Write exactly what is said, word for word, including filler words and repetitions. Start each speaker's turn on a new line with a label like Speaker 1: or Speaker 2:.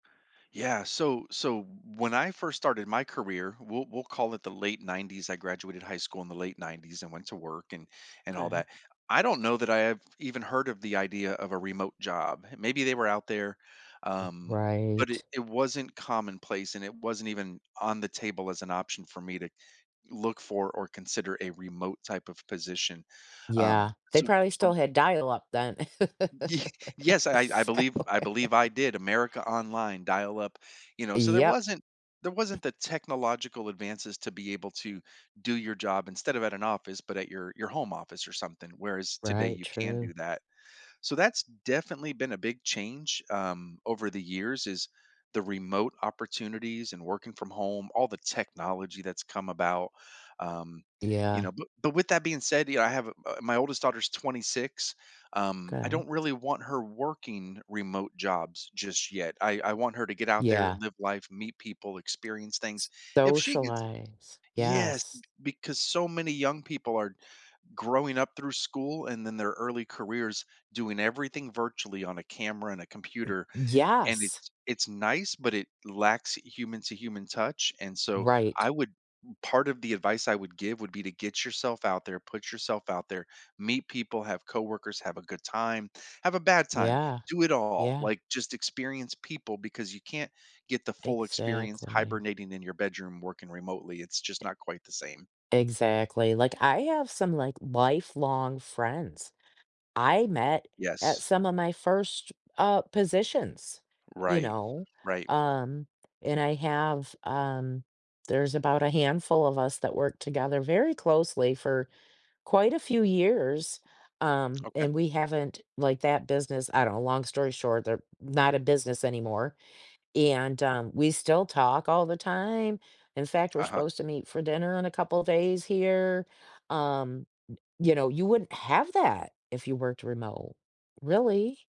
Speaker 1: Yeah, so so when I first started my career, we'll we'll call it the late nineties, I graduated high school in the late nineties and went to work and and all
Speaker 2: 'Kay.
Speaker 1: that. I don't know that I have even heard of the idea of a remote job. Maybe they were out there, um, but it
Speaker 2: Right.
Speaker 1: it wasn't commonplace and it wasn't even on the table as an option for me to look for or consider a remote type of position. Um,
Speaker 2: Yeah, they
Speaker 1: so
Speaker 2: probably
Speaker 1: so
Speaker 2: still had dial up then.
Speaker 1: Y yes, I I
Speaker 2: So
Speaker 1: believe, I believe I did America Online dial up, you know, so there
Speaker 2: Yep.
Speaker 1: wasn't there wasn't the technological advances to be able to do your job instead of at an office, but at your your home office or something, whereas today
Speaker 2: Right,
Speaker 1: you can
Speaker 2: true.
Speaker 1: do that. So that's definitely been a big change, um, over the years is the remote opportunities and working from home, all the technology that's come about, um, you
Speaker 2: Yeah.
Speaker 1: know, b but with that being said, you know, I have uh, my oldest daughter's twenty six, um, I
Speaker 2: 'Kay.
Speaker 1: don't really want her working remote jobs just yet. I I want her to get out there,
Speaker 2: Yeah.
Speaker 1: live life, meet people, experience things.
Speaker 2: S
Speaker 1: If she gets
Speaker 2: socialize,
Speaker 1: Yes, b
Speaker 2: yes.
Speaker 1: because so many young people are growing up through school and then their early careers doing everything virtually on a camera and a
Speaker 2: Y
Speaker 1: computer, and
Speaker 2: yes!
Speaker 1: it's it's nice, but it lacks human-to-human touch and so I
Speaker 2: Right.
Speaker 1: would, part of the advice I would give would be to get yourself out there, put yourself out there, meet people, have coworkers, have a good time, have a bad time,
Speaker 2: Yeah,
Speaker 1: do it all.
Speaker 2: yeah.
Speaker 1: Like, just experience people because you can't get the full experience
Speaker 2: Exactly.
Speaker 1: hibernating in your bedroom working remotely. It's just not quite the same.
Speaker 2: Exactly, like, I have some, like, lifelong friends I met at
Speaker 1: Yes.
Speaker 2: some of my first, uh, positions, you
Speaker 1: Right,
Speaker 2: know?
Speaker 1: right.
Speaker 2: Um, and I have, um there's about a handful of us that worked together very closely for quite a few years, um,
Speaker 1: Okay.
Speaker 2: and we haven't like, that business I know, long story short, they're not a business anymore. And, um, we still talk all the time. In fact, we're
Speaker 1: Uh-huh.
Speaker 2: supposed to meet for dinner in a couple of days here, um, y you know, you wouldn't have that if you worked remote, really.